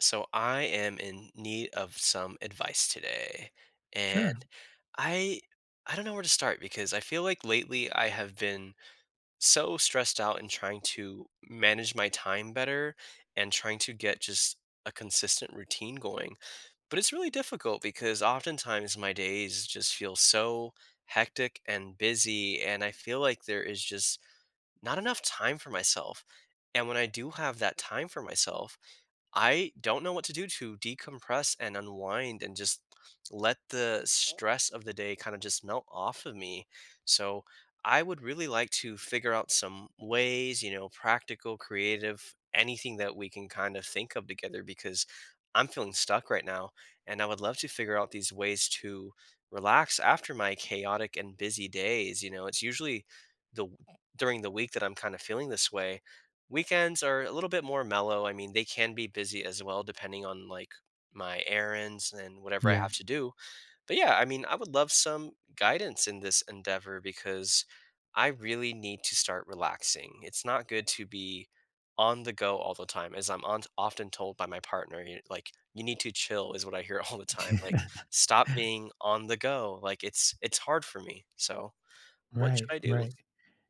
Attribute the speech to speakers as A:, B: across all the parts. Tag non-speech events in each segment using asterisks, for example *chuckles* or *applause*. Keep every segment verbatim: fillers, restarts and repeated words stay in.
A: So, I am in need of some advice today. And
B: Sure.
A: I I don't know where to start because I feel like lately, I have been so stressed out in trying to manage my time better and trying to get just a consistent routine going. But it's really difficult because oftentimes my days just feel so hectic and busy, and I feel like there is just not enough time for myself. And when I do have that time for myself, I don't know what to do to decompress and unwind and just let the stress of the day kinda just melt off of me. So, I would really like to figure out some ways, you know, practical, creative, anything that we can kinda think of together because I'm feeling stuck right now, and I would love to figure out these ways to relax after my chaotic and busy days, you know? It's usually the during the week that I'm kinda feeling this way. Weekends are a little bit more mellow, I mean, they can be busy as well depending on, like, my errands and whatever I
B: Yeah.
A: have to do. But, yeah! I mean, I would love some guidance in this endeavor because I really need to start relaxing. It's not good to be on the go all the time. As I'm on often told by my partner, you n like, "you need to chill," is what I hear all the time, like, "stop
B: *chuckles*
A: being on the go," like, it's it's hard for me. So, what should
B: Right,
A: I do?
B: right.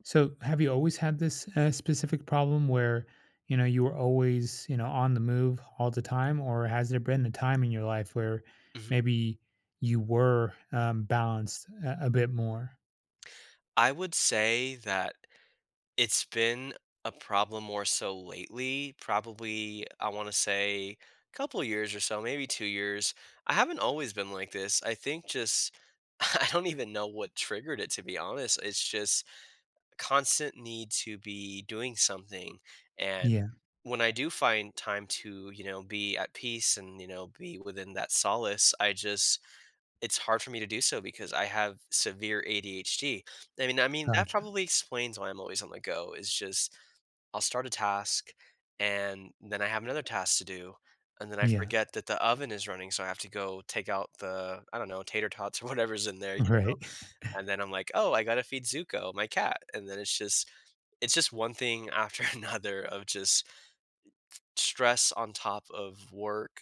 B: So have you always had this, uh, specific problem where you know, you were always, you know, on the move all the time or has there been a time in your life where
A: Mhm.
B: maybe you were, uh, balanced a a bit more?
A: I would say that it's been a problem more so lately; probably, I wanna say, couple years or so, maybe two years. I haven't always been like this, I think just I I don't even know what triggered it, to be honest. It's just constant need to be doing something, and
B: Yeah.
A: when I do find time to, you know, be at peace and, you know, be within that solace, I just it's hard for me to do so because I have severe ADHD. And mean I mean, that
B: Gotcha.
A: probably explains why I'm always on the go; it's just I'll start a task, and then I have another task to do, and then I
B: Yeah.
A: forget that the oven is running, so, I have to go take out the, I don't know, tater tots or whatever's in there, you know?
B: Right.
A: And
B: *chuckles*
A: then I'm, like, "Oh, I gotta feed Zuko", my cat, and then it's just it's just one thing after another of just t stress on top of work,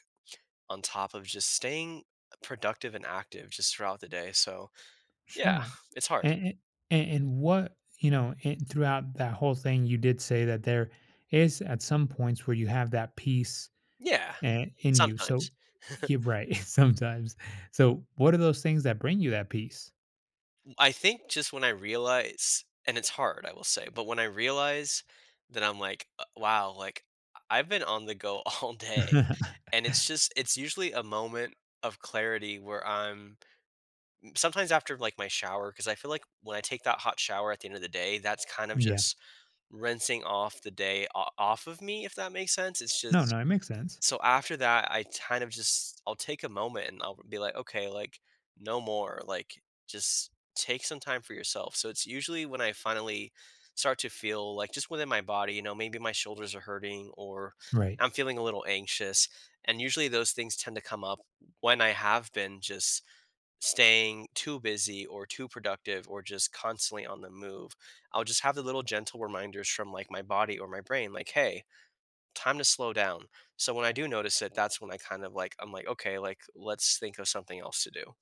A: on top of just staying, uh, productive and active just throughout the day, so, yeah,
B: Sure.
A: it's
B: A
A: hard.
B: a a and what you know, and throughout that whole thing you did say that there is at some points where you have that peace,
A: Yeah.
B: eh, in you, so
A: Sometimes. *chuckles*
B: Yeah, right, sometimes. So, what are those things that bring you that peace?
A: M I think just when I realize and it's hard, I will say, but when I realize that I'm, like, uh, wow, like, I've been on the go all day,
B: *chuckles*
A: and it's just it's usually a moment of clarity where I'm m sometimes after, like, my shower, 'cause I feel like when I take that hot shower at the end of the day, that's kinda
B: Yeah.
A: just rinsing off the day o off of me, if that makes sense. It's
B: No,
A: just
B: no. It makes sense.
A: so after that, I tinda just I'll take a moment, and I'll be like, "Okay. Like, no more. Like, just take some time for yourself." So, it's usually when I finally start to feel, like, just within my body; you know, maybe my shoulders are hurting or
B: Right.
A: I'm feeling a little anxious, and, usually, those things tend to come up when I have been just staying too busy, or too productive, or just constantly on the move. I'll just have the little gentle reminders from, like, my body or my brain, like, "Hey, time to slow down," so when I do notice it, that's when I kinda, like I'm like, "Okay, like, let's think of something else to do."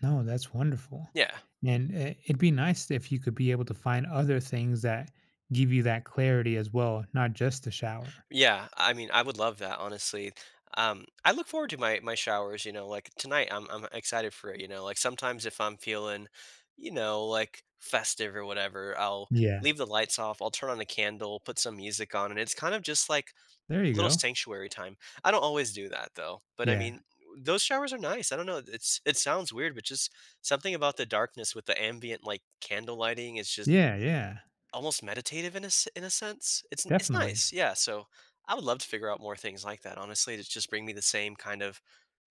B: No, that's wonderful.
A: Yeah.
B: And i it'd be nice if you could be able to find other things that give you that clarity as well, not just the shower.
A: Yeah. I mean, I would love that, honestly. Um, I look forward to my my showers, you know? Like, tonight, I'm I'm excited for it, you know? Like, sometimes if I'm feeling, you know, like, festive or whatever, I'll
B: Yeah.
A: leave the lights off. I'll turn on the candle, put some music on, and it's kinda just, like,
B: There you
A: little
B: go.
A: sanctuary time. I don't always do that, though, but, I mean,
B: Yeah.
A: those showers are nice. I don't know. It's it sounds weird, but just something about the darkness with the ambient, like, candle lighting, it's just
B: Yeah. Yeah.
A: almost meditative in a in a sense. It's n it's
B: Definitely.
A: nice, yeah. So, I would love to figure out more things like that, honestly. It's just bringing me the same kind of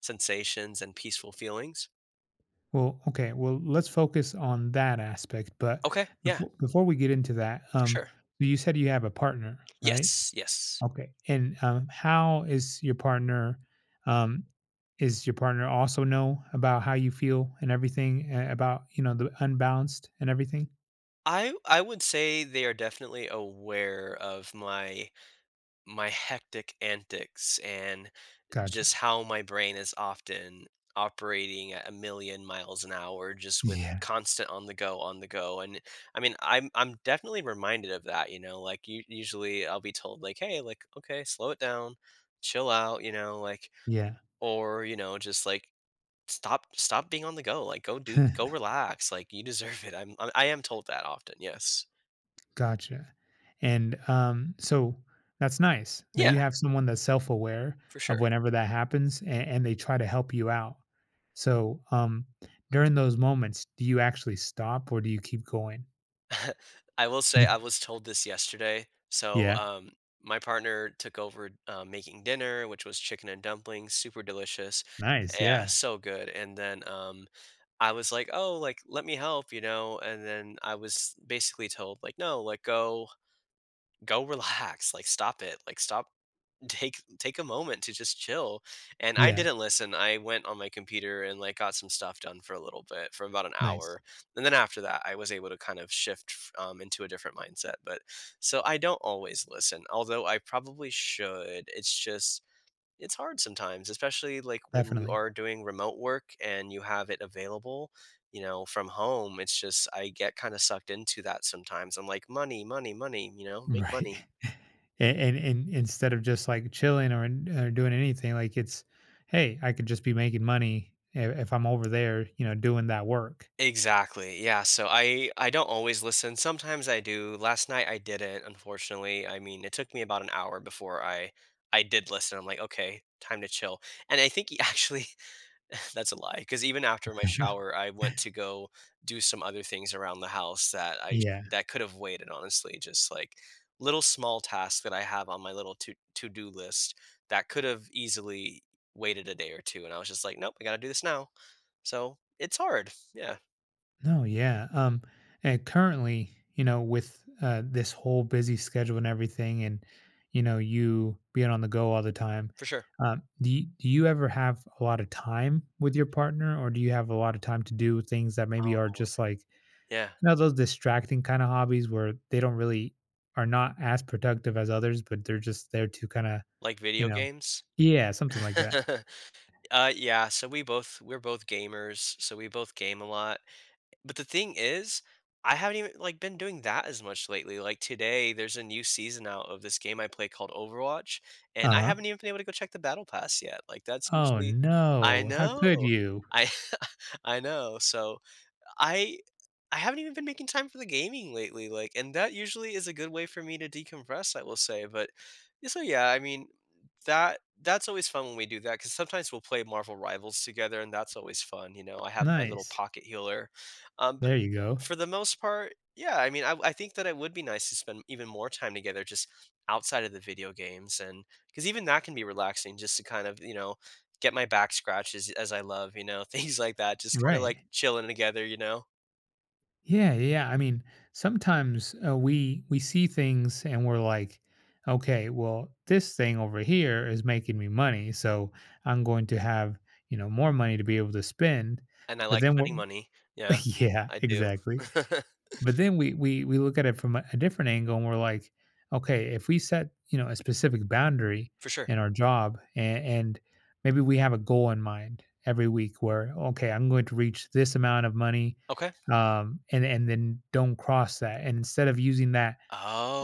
A: sensations and peaceful feelings.
B: Well, okay. Well, let's focus on that aspect, but
A: Okay.
B: bef
A: Yeah.
B: before we get into that, um,
A: Sure.
B: you said you have a partner, right?
A: Yes, yes.
B: Okay. And, um, how is your partner um, is your partner also know about how you feel and everything, eh, about, you know, the unbalanced and everything?
A: I w I would say they are definitely aware of my my hectic antics and
B: Gotcha.
A: just how my brain is often operating at a million miles an hour just with
B: Yeah.
A: constant on the go, on the go, and, I mean, I'm I'm definitely reminded of that, you know? Like, u usually, I'll be told, like, "Hey, like, okay, slow it down, chill out," you know, like,
B: Yeah.
A: or, you know, just, like, "Stop stop being on the go. Like, go do go
B: *chuckles*
A: relax, like, you deserve it." I'm I am told that often, yes.
B: Gotcha. And, um, so, that's nice that
A: Yeah.
B: you have someone that's self aware
A: For
B: of
A: sure.
B: whenever that happens a and they try to help you out. So, um, during those moments, do you actually stop or do you keep going?
A: *chuckles* I will say I was told this yesterday. So,
B: Yeah.
A: um, my partner took over, uh, making dinner, which was chicken and dumplings, super delicious
B: Nice,
A: Yeah,
B: yeah.
A: so good. And then, um, I was like, "Oh," like, "let me help." You know? And then I was basically told, like, "No," like, "Go go relax. Like, stop it. Like, stop Take take a moment to just chill." And I
B: Yeah.
A: didn't listen, I went on my computer and, like, got some stuff done for a little bit, for about an
B: Nice.
A: hour. And then after that, I was able to kind of shift, f um, into a different mindset, but, so I don't always listen, although I probably should, it's just it's hard sometimes, especially, like, when you
B: Definitely.
A: are doing remote work and you have it available, you know, from home. It's just I get kinda sucked into that sometimes. I'm like, "Money, money, money," you know, "make
B: Right.
A: money."
B: A and and instead of just, like, chilling or or doing anything, like, it's, "Hey, I could just be making money i if I'm over there, you know, doing that work."
A: Exactly, yeah, so I I don't always listen, sometimes I do, last night I didn't unfortunately, I mean, it took me about an hour before I I did listen, I'm like, "Okay, time to chill." And I think he actually that's a lie, 'cause even after my shower, I went to
B: *laughs*
A: go do some other things around the house that I
B: Yeah.
A: that could have waited, honestly; Just, like, little small tasks that I have on my little to to-do list that could have easily waited a day or two, and I was just like, "Nope, I gotta do this now." So, it's hard! Yeah.
B: No. Yeah, um, and currently, you know, with, uh, this whole busy schedule and everything and, you know, you being on the go all the time,
A: For sure.
B: um, do you do you ever have a lotta time with your partner or do you have a lotta time to do things that maybe are
A: Oh.
B: just, like, you
A: Yeah.
B: know, those distracting kinda hobbies where they don't really are not as productive as others, but they're just there to kinda,
A: Like
B: you
A: video
B: know
A: games?
B: Yeah, something like that.
A: *chuckles* Uh, yeah, so, we both we're both gamers, so, we both game a lot. Eh, but the thing is, I haven't even like, been doing that as much lately. Like, today, there's a new season out of this game I play called Overwatch, and I
B: Uh-huh.
A: haven't even been able to go check the battle pass yet, like, that's
B: Oh,
A: usually I
B: no. How
A: know.
B: could you?
A: I I know. So, I I haven't even been making time for the gaming lately, like and that usually is a good way for me to decompress, I will say, but ye so, yeah, I mean, that that's always fun when we do that 'cause sometimes we'll play Marvel Rivals together, and that's always fun, you know? I have my little
B: Nice.
A: pocket healer. Um, bu
B: There you go.
A: for the most part, yeah, I mean, I w I think that it would be nice to spend even more time together just outside of the video games and 'cause even that can be relaxing just to kind of, you know, get my back scratched as as I love, you know? Things like that; just kinda, like,
B: Right.
A: chilling together, you know?
B: Yeah, yeah, yeah. I mean, sometimes, uh, we we see things and we're like, "Okay. Well, this thing over here is making me money, so I'm going to have, you know, more money to be able to spend,"
A: And I
B: but
A: like
B: then wha
A: spending money. Yeah.
B: Yeah.
A: I do.
B: Exactly.
A: *laughs*
B: But then we we we look at it from a a different angle and we're like, "Okay, if we set," you know, a specific boundary
A: For sure.
B: in our job and and maybe we have a goal in mind every week where, "Okay, I'm going to reach this amount of money,"
A: Okay.
B: um, and and then don't cross that. Instead of using that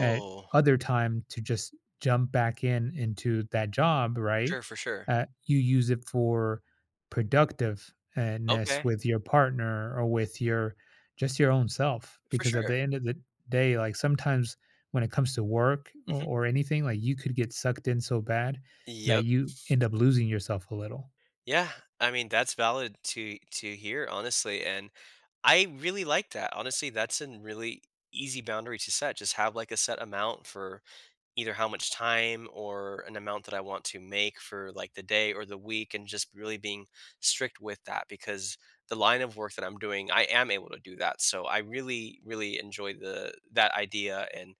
B: at other time to just jump back in into that job,
A: For
B: right,
A: sure, for sure.
B: uh, you use it for productive and nest
A: Okay.
B: with your partner or with your just your own self
A: For
B: because at
A: sure.
B: the end of the d day, like, sometimes when it comes to work or
A: Mhm.
B: or anything, like, you could get sucked in so bad that
A: Yep.
B: you end up losing yourself a little.
A: Yeah. I mean, that's valid to to hear, honestly, and I really like that. Honestly, that's an really easy boundary to set; just have, like, a set amount for either how much time or an amount that I want to make for, like, the day or the week and just really being strict with that, because the line of work that I'm doing, I am able to do that, so I really, really enjoy the that idea, and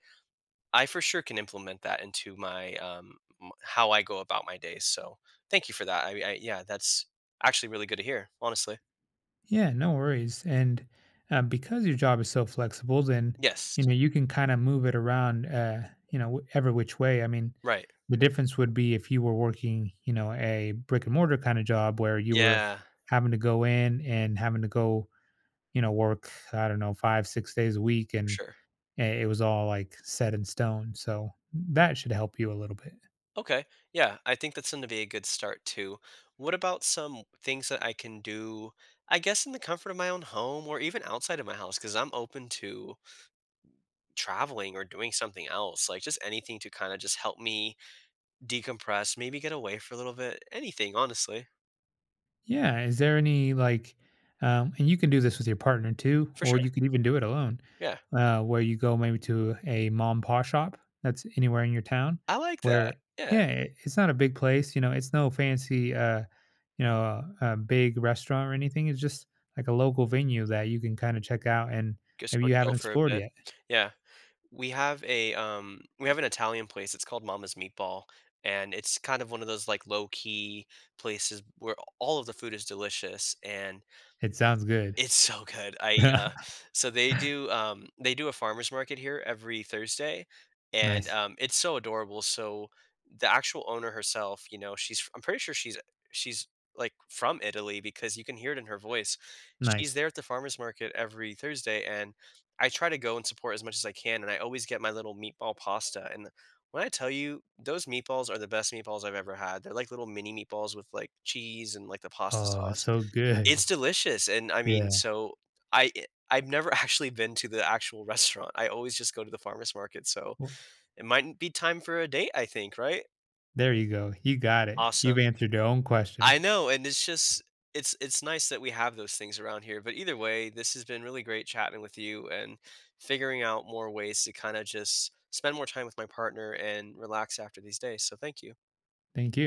A: I for sure can implement that into my, um, m how I go about my day, so, thank you for that. I mean, I Yeah, that's actually really good to hear, honestly.
B: Yeah, no worries, and, uh, because your job is so flexible, then, you
A: Yes.
B: know, you can kinda move it around, eh, you know, w every which way. I mean,
A: Right.
B: the difference would be if you were working, you know, a brick and mortar kind of job where you were
A: Yeah.
B: having to go in and having to go, you know, work, I don't know, five, six days a week
A: For
B: and
A: sure.
B: i it was all, like, set in stone, so that should help you a little bit.
A: Okay. Yeah. I think that's gonna be a good start, too. What about some things that I can do, I guess, in the comfort of my own home or even outside of my house? 'Cause I'm open to traveling or doing something else. Like, just anything to kinda just help me decompress, maybe get away for a little bit, anything, honestly.
B: Yeah, is there any, like, um and you can do this with your partner too,
A: For
B: or
A: sure.
B: you can even do it alone,
A: Yeah.
B: uh, where you go maybe to a ma and pa shop, that's anywhere in your town,
A: I like that.
B: where
A: Yeah.
B: Yeah, it's not a big place, you know, it's no fancy, uh, you know, uh, a big restaurant or anything. It's just, like, a local venue that you can kinda check out and
A: Just
B: maybe
A: go
B: you haven't
A: chill for a
B: explored
A: bit.
B: yet.
A: Yeah, we have eh, um, we have an Italian place. It's called Mama's Meatball, and it's kind of one of those, like, low-key places where all of the food is delicious, and
B: It sounds good.
A: it's so good. I, uh so they
B: *chuckles*
A: do, um, they do a farmer's market here every Thursday, and,
B: Nice.
A: um, it's so adorable. So, the actual owner herself, you know, she's f I'm pretty sure she's a she's, like, from Italy because you can hear it in her voice. She's
B: Nice.
A: there at the farmer's market every Thursday, and I try to go and support as much as I can, and I always get my little meatball pasta. And, uh, when I tell you, those meatballs are the best meatballs I've ever had. They're like little mini meatballs with, like, cheese and, like, the pasta
B: Oh,
A: sauce.
B: so good.
A: It's delicious. And, I mean,
B: Yeah.
A: so I I've never actually been to the actual restaurant, I always just go to the farmer's market, so
B: W
A: it mightn't be time for a date, I think. Right?
B: There you go. You got it. You've
A: Awesome.
B: answered your own question.
A: I know. And it's just it's it's nice that we have those things around here, but either way, this has been really great chatting with you and figuring out more ways to kinda just spend more time with my partner and relax after these days. So, thank you.
B: Thank you.